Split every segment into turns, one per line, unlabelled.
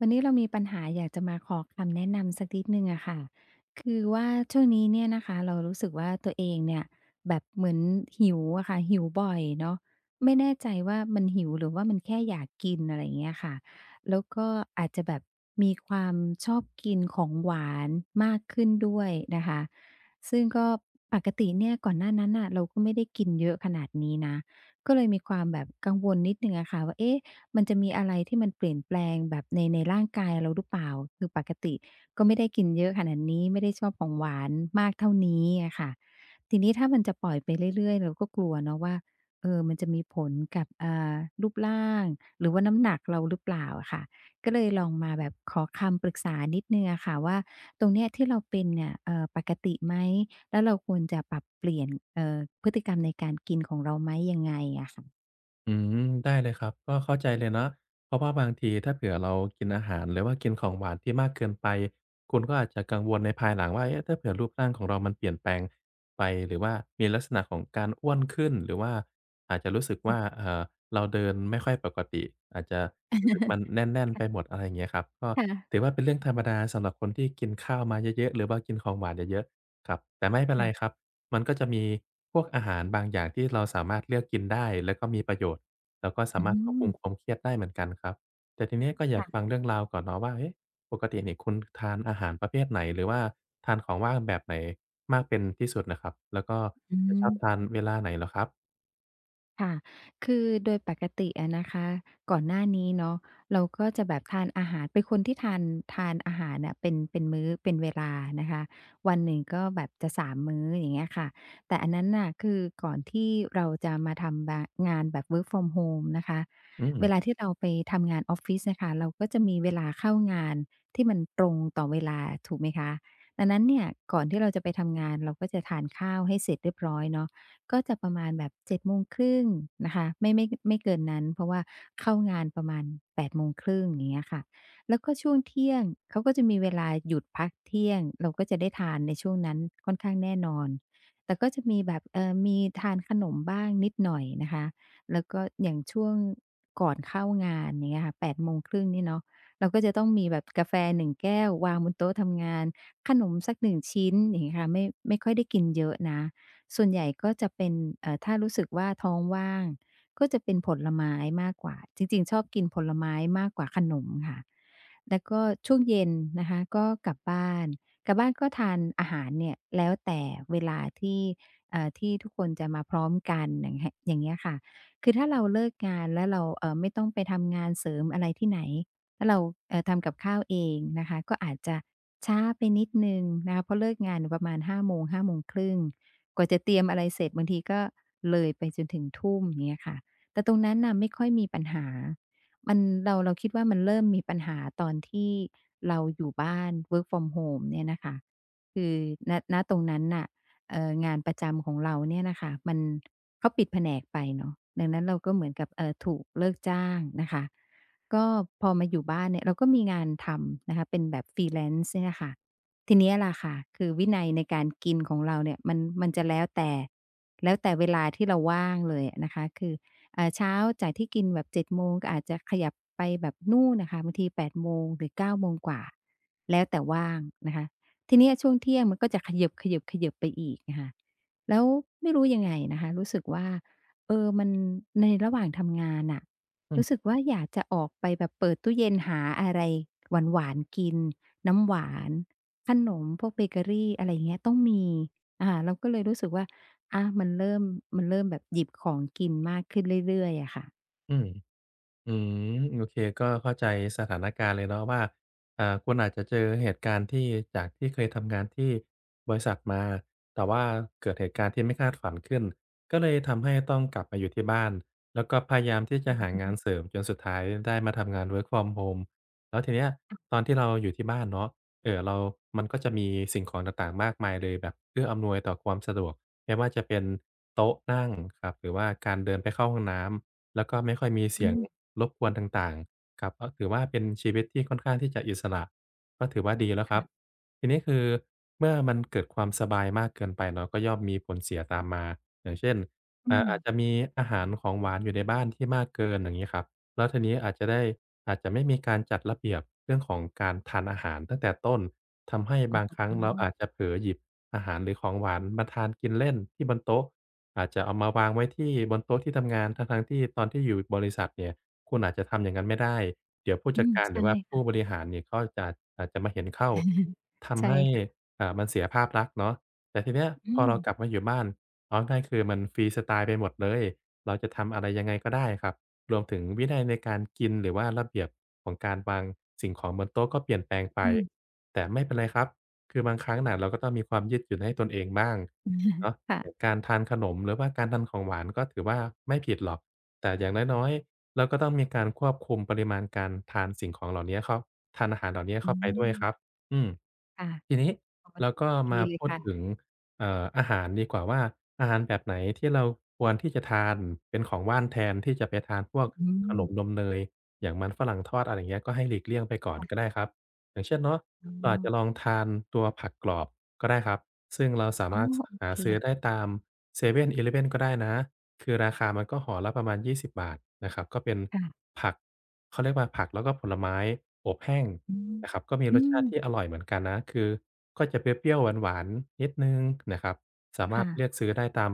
วันนี้เรามีปัญหาอยากจะมาขอคำแนะ นำสักนิดหนึ่งอะค่ะ คือว่าช่วงนี้เนี่ยนะคะ เรารู้สึกว่า ตัวเองเนี่ยแบบเหมือนหิวอะค่ะ หิวบ่อยเนาะ ไม่แน่ใจว่ามันหิวหรือว่ามันแค่อยากกิน อะไรอย่างเงี้ยค่ะ แล้วก็อาจจะแบบมีความชอบกินของหวานมากขึ้นด้วยนะคะ ซึ่งก็ ปกติเนี่ย ก่อนหน้านั้นน่ะเราก็ไม่ได้กินเยอะขนาดนี้นะ ก็เลยมีความแบบ กังวลนิดหนึ่งอะค่ะว่า เอ๊ะ มันจะมีอะไรที่มันเปลี่ยนแปลงแบบใน ในร่างกาย เราหรือเปล่า? คือปกติ ก็ไม่ได้กินเยอะขนาดนี้ ไม่ได้ชอบของหวานมากเท่านี้อะค่ะ ทีนี้ถ้ามันจะปล่อยไปเรื่อย ๆ เราก็กลัวเนาะว่า เอ่อ มันจะมีผลกับ อ่า รูปร่างหรือว่าน้ำหนักเราหรือเปล่าอะค่ะ? ก็เลยลองมาแบบขอคำปรึกษานิดหนึ่งอะค่ะว่า ตรงเนี้ยที่เราเป็นเนี่ย เอ่อ ปกติไหม แล้วเราควรจะปรับเปลี่ยน เอ่อ พฤติกรรมในการกินของเราไหม ยังไงอะค่ะ?
อืม ได้เลยครับ ก็เข้าใจเลยเนาะ เพราะว่าบางที ถ้าเผื่อเรา กินอาหาร หรือว่ากินของหวานที่มากเกินไป คุณก็อาจจะกังวลในภายหลังว่า เอ๊ะ ถ้าเผื่อรูปร่างของเรามันเปลี่ยนแปลง ไป หรือว่ามีลักษณะของการอ้วนขึ้น หรือว่าอาจจะรู้สึกว
อ
่
ือ
า เอ่อ เราเดินไม่ค่อย ปกติ อาจจะรู้สึกมันแน่น
ค
ๆ
่ะ
ไปหมด อะไรอย่างเงี้ยครับ ก็
ค่ะ
ถือว่าเป็นเรื่องธรรมดาสำหรับคนที่กินข้าวมาเยอะ ๆ หรือบางกินของหวานเยอะ ๆ ครับ แต่ไม่เป็น
ค
ไ
่
ร
ะ
ครับ มันก็จะมีพวกอาหารบางอย่างที่เราสามารถเลือกกินได้แล้วก็มีประโยชน์ แล้วก็สา
อื้
ม
อ
าร
ฮื
ถควบคุ
อ
มความเครียดได้เหมือนกันครับ แต่ทีนี้ก็อย
ค
าก
่
ฟ
ะ
ังเรื่องราวก่อนเนาะว่า เอ๊ะ ปกตินี่คุณทานอาหารประเภทไหน หรือว่าทานของว่างแบบไหนมากเป็นที่สุดนะครับ แล้วก็
อื
จะชอบ
อ
ทานเวลาไหนเหรอครับ?
ค่ะ คือโดยปกติอะนะคะ ก่อนหน้านี้เนาะ เราก็จะแบบ ทานอาหาร เป็นคนที่ทาน ทานอาหารน่ะเป็น เป็นมื้อ เป็นเวลา นะคะ วันหนึ่งก็แบบจะ 3 มื้อ อย่างเงี้ยค่ะ แต่อันนั้นน่ะ คือก่อนที่เราจะมา ทำบา งานแบบ work from home นะคะ
อื
เว
ม
ลาที่เราไปทำงานออฟฟิศน่ะค่ะ เราก็จะมี เวลาเข้างานที่มันตรงต่อเวลา ถูกไหมคะ อันนั้นเนี่ยก่อนที่เราจะ ไปทำงาน เราก็จะทานข้าวให้เสร็จเรียบร้อยเนาะ ก็จะประมาณแบบ 7:30 นะคะ ไม่ ไม่ ไม่เกินนั้น เพราะว่าเข้างานประมาณ 8:30 อย่างเงี้ยค่ะ แล้วก็ช่วงเที่ยงเขาก็จะมีเวลาหยุดพักเที่ยง เราก็จะได้ทานในช่วงนั้น ค่อนข้างแน่นอน แต่ก็จะมีแบบ เอ่อ มีทานขนมบ้างนิดหน่อยนะคะ แล้วก็อย่างช่วงก่อนเข้างาน อย่างเงี้ยค่ะ 8:30 นี่เนาะ เราก็จะต้องมีแบบกาแฟ 1 แก้ว วางบนโต๊ะทำงาน ขนมสัก 1 ชิ้น อย่างเงี้ยค่ะ ไม่ ไม่ค่อยได้กินเยอะนะ ส่วนใหญ่ก็จะเป็น เอ่อ ถ้ารู้สึกว่าท้องว่าง ก็จะเป็นผลไม้มากกว่า จริง ๆ ชอบกินผลไม้มากกว่าขนมค่ะ แล้วก็ช่วงเย็นนะคะก็กลับบ้าน กลับบ้านก็ทานอาหารเนี่ย แล้วแต่เวลาที่ เอ่อ ที่ทุกคนจะมาพร้อมกัน อย่างแฮะ อย่างเงี้ยค่ะ คือถ้าเราเลิกงานแล้วเรา เอ่อ ไม่ต้องไปทำงานเสริมอะไรที่ไหน แล้วเรา เอ่อ ทำกับข้าวเองนะคะ ก็อาจจะช้าไปนิดหนึ่งนะคะ เพราะเลิกงานเนี่ยประมาณ 17:00-17:30 กว่าจะเตรียมอะไรเสร็จบางทีก็เลยไปจนถึง 19:00 อย่างเงี้ยค่ะ แต่ตรงนั้นน่ะไม่ค่อย มีปัญหา มัน เรา เราคิดว่ามันเริ่มมีปัญหาตอนที่เราอยู่บ้าน work from home เนี่ยนะคะ คือ ณ ณ ตรงนั้นน่ะ เอ่อ งานประจำของเราเนี่ยน่ะค่ะมัน เขาปิดแผนกไปเนาะ ดังนั้นเราก็เหมือนกับ เอ่อ ถูกเลิกจ้างนะคะ ก็พอมาอยู่บ้านเนี่ย เราก็มีงานทำ นะคะ เป็นแบบ Freelance เนี่ยน่ะค่ะ ทีนี้แหละค่ะ คือวินัยในการกินของเราเนี่ย มัน มันจะแล้วแต่ แล้วแต่เวลาที่เราว่าง เลยอะนะคะ คือ อ่า เช้าจากที่กินแบบ 07:00 ก็อาจจะขยับไปแบบนู่นน่ะค่ะ บางที 08:00 หรือ 9โมงกว่า แล้วแต่ว่างนะคะ ทีนี้อะช่วงเที่ยงมันก็จะเขยิบ ๆ ๆ ไปอีก อะค่ะ แล้วไม่รู้ยังไงนะคะ รู้สึกว่า เอ่อ มัน ในระหว่าง ทำงานน่ะ
อ
รู้สึ
ืม
กว่า อยากจะออกไปแบบเปิดตู้เย็น หาอะไรหวาน ๆ กิน น้ำหวาน ขนมพวกเบเกอรี อะไรอย่างเงี้ย ต้องมี อ่า เราก็เลยรู้สึกว่า อ่า มันเริ่ม มันเริ่มแบบหยิบของกินมาก ขึ้นเรื่อย ๆ อะค่ะ
อืม อือ โอเคก็เข้าใจสถานการณ์เลยเนาะว่า อ่า คุณอาจจะเจอเหตุการณ์ที่ จากที่เคยทำงานที่บริษัทมา แต่ว่าเกิดเหตุการณ์ที่ไม่คาดฝันขึ้น ก็เลยทำให้ต้องกลับมาอยู่ที่บ้าน แล้วก็พยายามที่จะหางานเสริม จนสุดท้ายได้มาทำงาน work from home แล้วทีเนี้ยตอนที่เราอยู่ที่บ้านเนาะ เอ่อ เรา มันก็จะมีสิ่งของต่าง ๆ มากมายเลยแบบเพื่ออำนวยต่อความสะดวก ไม่ว่าจะเป็นโต๊ะนั่งครับ หรือว่าการเดินไปเข้าห้องน้ำ แล้วก็ไม่ค่อยมีเส
อื
ียง
ม
รบกวนต่าง ๆ ครับ อ้อ ถือว่าเป็นชีวิตที่ค่อนข้างที่จะอิสระ ก็ถือว่าดีแล้ว
ค
คร
่
ับ
ะ
ที่นี้คือเมื่อมันเกิดความสบายมากเกินไปเรา ก็ย่อมมีผลเสียตามมา อย่างเช่น
อื
อ่า อา
ม
จจะมีอาหารของหวานอยู่ในบ้านที่มากเกิน อย่างงี้ครับ แล้วทีนี้อาจจะได้ อาจจะไม่มีการจัดระเบียบเรื่องของการทานอาหารตั้งแต่ต้น ทำให้
อ
บ
๋
างครั้งเราอ
อ
าจจะเผลอหยิบอาหารหรือของหวานมาทานกินเล่นที่บนโต๊ะ อาจจะเอามาวางไว้ที่บนโต๊ะที่ทำงาน ทั้ง ๆ ที่ตอนที่อยู่บริษัทเนี่ย คุณอาจจะทำอย่างงั้นไม่ได้ เดี๋ยวผู้
อ
จ
ื
ัด
ม
การ
ใช
หรื
่
อว่าผ
ค
ู
่ะ
้บริหารเนี่ยเขาอาจจะ อาจจะมาเห็นเข้า ท
ใช
ำ
่
ให้
ค่ะ
อ่า มันเสียภาพลักษณ์เนาะ แต่ทีนี้อะ
อื
พอเรา
ม
กลับมาอยู่บ้าน เอาง่าย ๆ คือมันฟรีสไตล์ไปหมดเลย เราจะทำอะไรยังไงก็ได้อะครับ รวมถึงวินัยในการกิน หรือว่าระเบียบของการวางสิ่งของบนโต๊ะก็เปลี่ยนแปลงไป
อืม
แต่ไม่เป็นไรครับ คือบางครั้งน่ะเราก็ต้องมีความยืดหยุ่นให้ตนเองบ้าง เนาะ
ค่
อ
ะ
การทานขนม หรือว่าการทานของหวานก็ถือว่าไม่ผิดหรอก แต่อย่างน้อย ๆ เราก็ต้องมีการควบคุมปริมาณการทานสิ่งของเหล่านี้เข้า ทานอาหารเหล่านี้เ
อื
ข้าไปด้วยค
อ
รับ อืม
ค่ะ
ที่นี้
อ๋อ
เราก็
ดี
มา
เล
พ
ย
ู
ค
ด
่ะ
ถึง เอ่อ อาหารดีกว่าว่า อาหารแบบไหนที่เราควรที่จะทานเป็นของว่าน แทนที่จะไปทานพวก
อื
ขน
ม
มนมเนย อย่างมันฝรั่งทอด อะไรอย่างเงี้ย ก็ให้หลีกเลี่ยงไปก่อน
ค่ะ
ก็ได้ครับ อย่างเช่นเนาะ
อ
เรา
๋
อาจ
อ
จะลองทานตัวผักกรอบก็ได้ครับ ซึ่งเราสา
อ๋
ม
อ
ารถ ส
โอ
หา
เค
ซื้อได้ตามเซเว่น อีเลฟเว่นก็ได้นะ คือราคามันก็ห่อละประมาณ 20 บาทนะครับ ก็เป็น
ค่ะ
ผัก เขาเรียกว่าผักแล้วก็ผลไม้อบแห้ง
อือ
นะครับ ก็มี
อื
รสชาต
ม
ิที่อร่อยเหมือนกันนะ คือก็จะเปรี้ยว ๆ หวาน ๆ นิดหนึ่งนะครับ สาม
ค
าร
่
ถ
ะ
เลือกซื้อได้ตาม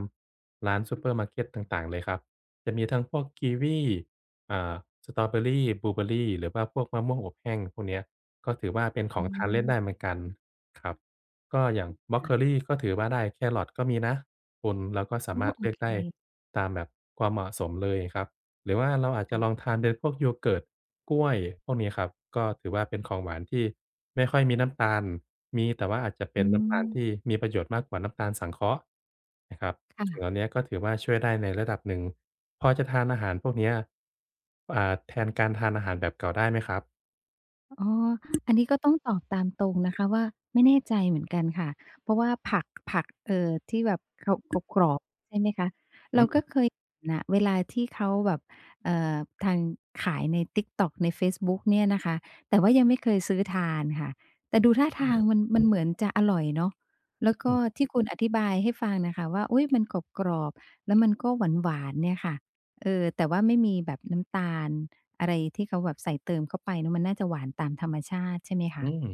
ร้านซูเปอร์มาร์เกตต่าง ๆ เลยครับ จะมีทั้งพวกกีวี อ่า สตรอว์เบอร์รี บลูเบอร์รี หรือว่าพวกมะม่วงอบแห้งพวกเนี้ย ก็ถือว่าเป็นข
อ
องทานเล่นได
ืม
้เหมือนกันครับ ก็อย่างบรอก
ค่
โค
ะ
ลี ก็ถือว่าได้ แคร์รอตก็มีนะคุณ แล้วก็ส
อ
า
๋อ
มารถ
โอ
เลือ
เ
ก
ค
ได้ตามแบบความเหมาะสมเลยครับ หรือว่าเราอาจจ
ค
ะ
่
ล
ะ
องทานเป็นพวก Yogurt กล้วย พวกนี้ครับ ก็ถือว่าเป็นของหวานที่ไม่ค่อยมีน้ำตาล มีแต่ว่าอาจจะเป
อื
็นน้ำตาล
ม
ที่มีประโยชน์มากกว่าน้ำตาลสังเคราะห์นะครับ
ค่
สิ่งเห
ะ
ล่าเนี้ยก็ถือว่าช่วยได้ในระดับหนึ่ง พอจะทานอาหารพวกเนี้ย อ่า แทนการทานอาหารแบบเก่าได้ไหมครับ?
อ๋อ อันนี้ก็ ต้องตอบตามตรงนะคะว่า ไม่แน่ใจเหมือนกันค่ะ เพราะว่าผัก ผัก เอ่อ ที่แบบเขา กรอบ ๆ ใช่ไหมคะ
อ
เร
ื
าก็
ม
เคย เห็นนะ เวลาที่เขาแบบ เอ่อ ทาง ขายใน TikTok ในเฟซบุ๊กเนี่ย นะคะ แต่ว่ายังไม่เคยซื้อทานค่ะ แต่ดูท่า
อ
ท
ื
า
ม
งมัน มันเหมือนจะอร่อยเนาะ แล้วก็
อือ
ที่คุณอธิบายให้ฟังนะคะว่า อุ๊ย มันกรอบ ๆ แล้วมันก็หวาน ๆ เนี่ยค่ะ เอ่อ แต่ว่าไม่มีแบบ น้ำตาลอะไรที่เขาแบบใส่เติมเข้าไปนะ มันน่าจะหวานตามธรรมชาติใช่ไหม ค
อื
ะ?
ม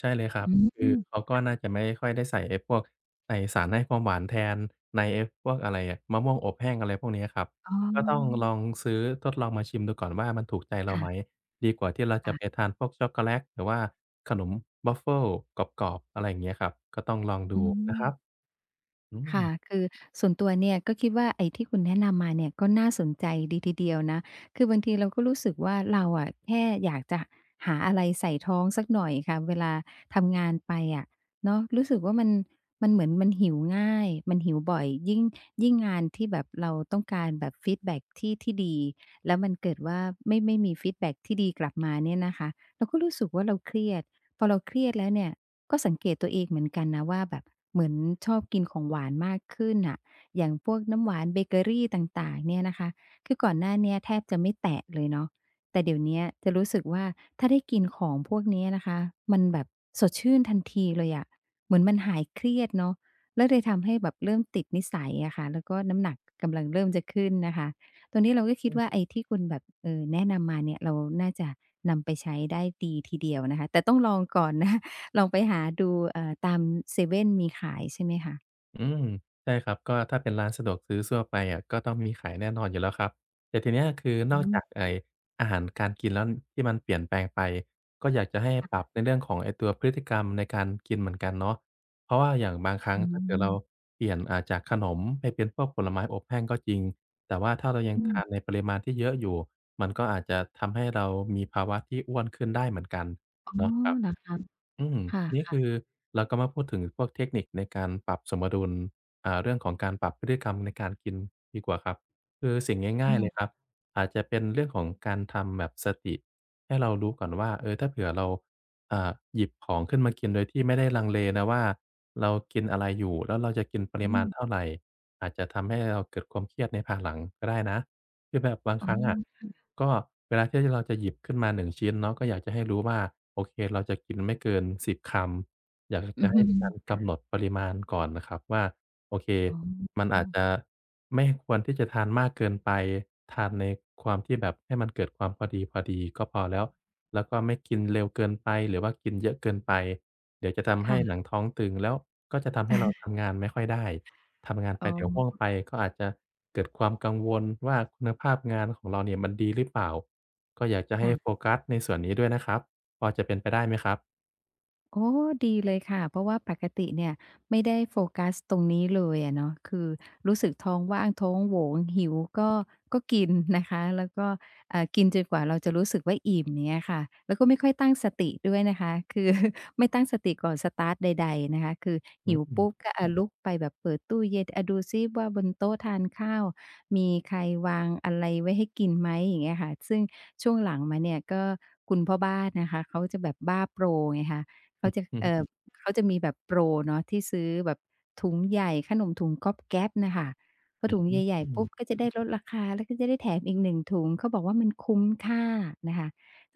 ใช่เลยครั
อ
บ
ื
คือ
ม
เขา
ค
ก็
่
น่า
ะ
จะไม่ค่อยได้ใส่ไอ้พวก ใส่สารให้ความหวานแทน ในไอ้พวก อะไรอะ มะม่วงอบแห้ง อะไรพวกนี้อะครับ
อ๋อ
ก็ต้องลองซื้อทดลองมาชิมดู ก่อนว่า มันถูกใจเรา
ค่
ไ
ะ
หม? ดีกว่าที่เรา
ค
จ
่
ะ
ะ
ไปทานพวกช็อกโกแลต หรือว่าขนมวาฟเฟิลกรอบ ๆ อะไรอย่างเงี้ยครับ ก็ต้องลองด
อื
ูนะครับ
ม
อื
ค่ะ
ม
คือส่วนตัวเนี่ยก็คิดว่า ไอ้ที่คุณแนะนำมาเนี่ย ก็น่าสนใจดีทีเดียวนะ คือบางทีเราก็รู้สึกว่าเราอะ แค่อยากจะหาอะไรใส่ท้องสักหน่อยค่ะ เวลาทำงานไปอะเนาะ รู้สึกว่ามัน มันเหมือนมันหิวง่าย มันหิวบ่อย ยิ่ง ยิ่งงานที่แบบเราต้องการแบบฟีดแบ็ก ที่ ที่ดี แล้วมันเกิดว่า ไม่ ไม่มีฟีดแบ็กที่ดีกลับมาเนี่ยนะคะ เราก็รู้สึกว่าเราเครียด พอเราเครียดแล้วเนี่ยก็สังเกตตัวเองเหมือนกันนะว่า แบบเหมือนชอบ กินของหวานมากขึ้นน่ะ อย่างพวกน้ำหวาน เบเกอรีต่าง ๆ เนี่ยนะคะ คือก่อนหน้าเนี้ยแทบจะไม่แตะเลยเนาะ แต่เดี๋ยวเนี้ยจะรู้สึกว่า ถ้าได้กินของพวกนี้นะคะ มันแบบสดชื่นทันทีเลยอะ เหมือนมันหายเครียด เนาะ แล้วเลย ทำให้แบบเริ่มติดนิสัยอะค่ะ แล้วก็น้ำหนัก กำลังเริ่มจะขึ้นนะคะ ตอนนี้เราก็ค
อ
ิ
ื
ดว่า
ม
ไอ้ที่คุณแบบ เอ่อ แนะนำมาเนี่ย เราน่าจะนำไปใช้ได้ดีทีเดียวนะคะ แต่ต้องลองก่อน นะ ลองไปหาดู เอ่อ ตามเซเว่นมีขาย ใช่ไหมคะ?
อืม ใช่ครับ ก็ถ้าเป็นร้านสะดวกซื้อทั่ว ไปอะ ก็ต้องมีขายแน่นอนอยู่แล้วครับ แต่ทีเนี้ย คือ
อ
น
ื
อกจ
ม
ากไอ้อาหารการกินแล้ว ที่มันเปลี่ยนแปลงไป ก็อยากจะให้
ค่
ปรั
ะ
บในเรื่องของไอ้ ตัวพฤติกรรมในการกินเหมือนกันเนาะ เพราะว่าอย่างบางครั้
อ
งถ้า เกิดเรา
ืม
เปลี่ยน อ่า จากขนมให้เป็นพวกผลไม้อบแห้งก็จริง แต่ว่าถ้าเรายั
อ
งท
ื
า
ม
น ในปริมาณที่เยอะอยู่ มันก็อาจ จะทำให้เรามีภาวะที่อ้วนขึ้นได้เหมือนกัน
อ้อ
เนาะครับ
เหรอคะ?
อืม
ค
นี้
่
ค
ะ
ือ
ๆ
เราก็มาพูดถึงพวกเทคนิคในการปรับสมดุล อ่า เรื่องของการปรับพฤติกรรมในการกินดีกว่าครับ คือสิ่ง
อ
ง
ื
่าย ๆ เลยค
ม
รับ อาจจะเป็นเรื่องของการทำแบบสติให้เรารู้ก่อนว่า เอ่อ ถ้าเผื่อเรา อ่า หยิบของขึ้นมากินโดยที่ไม่ได้ลังเลนะว่า เรากินอะไรอยู่ แล้วเราจะกินปร
อื
ิมาณ
ม
เท่าไร? อาจจะทำให้เราเกิดความเครียดในพาหลังก็ได้นะ คือแบบบาง
อ๋
ค
อ
รั้งอะ
ค่ะ
ก็เวลาที่ ที่เราจะหยิบขึ้นมา 1 ชิ้นเนาะ ก็อยากจะให้ รู้ว่า โอเค เราจะกินไม่เกิน 10 คำ อยาก ห
อื
จะ
อ
ให
ฮ
้
ึ
มีการ
ค
ก
่ะ
ำหนดปริมาณก่อนนะครับว่า โอเค
อ๋
มันอาจ
อ
จะไม่ควรที่จะทานมากเกินไป ทานในความที่แบบให้มันเกิดความพอดี ๆ ก็พอแล้ว แล้วก็ไม่กินเร็วเกินไปหรือว่ากินเยอะเกินไป เดี๋ยวจะทำ
ค
ให้
่
หน
ะ
ังท้องตึง แล้วก็จะทำใ
เ
ห
อ
้
อ
เรา ทำงานไม่ค่อยได้ ทำงานไ
อ
ป
๋อ
เดี๋ยวห้วงไป ก็อาจจะเกิดความกังวลว่า คุณภาพงานของเราเนี่ยมันดีหรือเปล่า? ก็อยากจะใ
ค
ห้
่ะ
โฟกัสในส่วนนี้ด้วยนะครับ พอจะเป็นไปได้ไหมครับ?
อ๋อ ดีเลยค่ะ เพราะว่าปกติเนี่ยไม่ได้โฟกัสตรงนี้เลยอะเนาะ คือรู้สึกท้องว่างท้องโหวง หิวก็ ก็กินนะคะ แล้วก็ อ่า กินจนกว่าเราจะรู้สึกว่าอิ่ม อย่างเงี้ยค่ะ แล้วก็ไม่ค่อยตั้งสติด้วยนะคะ คือ ไม่ตั้งสติก่อนสตาร์ตใด ๆ นะคะ คือ
อ
ห
ื
ิ
อ
ว
อื
ป
ม
ุ๊บก็ อะ ลุกไปแบบเปิดตู้เย็น อะ ดูสิว่า บนโต๊ะทานข้าวมีใครวางอะไรไว้ให้กินไหม? อย่างเงี้ยค่ะ ซึ่งช่วงหลังมาเนี่ย ก็คุณพ่อบ้านนะคะเขาจะแบบบ้าโปรไงคะ เข
อื
า
อ
จะ
ฮ
เอ่
ึ
อ เขาจะมีแบบโปรเนาะที่ซื้อแบบถุงใหญ่ ขนมถุงก๊อบแก๊บ น่ะค่ะ พอ
อื
ถ
อ
ุง
ฮึ
ใหญ่
อื
ๆ ปุ
ม
๊บ ก็จะได้ลดราคา แล้วก็จะได้แถมอีก 1 ถุง เขาบอกว่ามันคุ้มค่านะคะ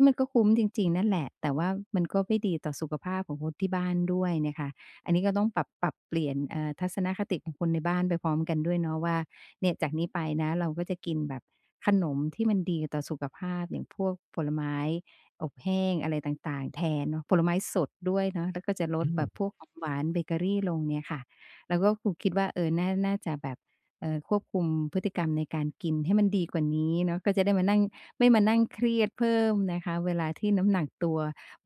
มันก็คุ้มจริง ๆ นั่นแหละ แต่ว่ามันก็ไม่ดีต่อสุขภาพของคนที่บ้านด้วยนะคะ อันนี้ก็ต้องปรับ ปรับเปลี่ยน เอ่อ ทัศนคติของคนในบ้านไปพร้อมกันด้วยเนาะว่า เนี่ยจากนี้ไปนะ เราก็จะกินแบบขนมที่มันดีต่อสุขภาพ อย่างพวกผลไม้อบแห้งอะไรต่าง ๆ แทนเนาะ ผลไม้สดด้วยเนาะ แล้วก็จะล
อื
ดแบบ
ม
พวกของหวานเบเกอรีลงเนี่ยค่ะ แล้วก็ อ คิดว่า เออ น่า น่าจะแบบ เอ่อ ควบคุมพฤติกรรมในการกินให้มันดีกว่านี้เนาะ ก็จะได้มานั่ง ไม่มานั่งเครียดเพิ่มนะคะเวลาที่น้ำหนักตัว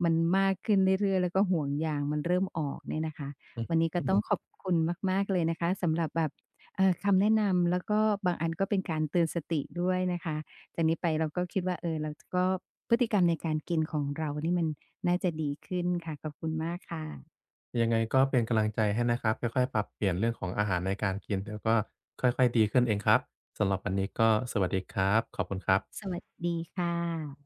มันมากขึ้นเรื่อย ๆ แล้วก็ห่วงยางมันเริ่มออกเนี่ยนะคะ
อือ
วันนี้ก็
ฮ
ต
ึ
้อง ขอบคุณมาก ๆ เลยนะคะ สำหรับแบบ เอ่อ คำแนะนำ แล้วก็บางอันก็เป็นการเตือนสติด้วยนะคะ จากนี้ไปเราก็คิดว่า เออ เรา จ ก็ พฤติกรรมในการกินของเรานี่มันน่าจะดีขึ้นค่ะ ขอบคุณมากค่ะ
ยังไงก็เป็น กำลังใจให้นะครับ ค่อย ๆ ปรับเปลี่ยนเรื่องของอาหารในการกิน แล้วก็ค่อย ๆ ดีขึ้นเองครับ สำหรับวันนี้ก็สวัสดีครับ ขอบคุณครับ
สวัสดีค่ะ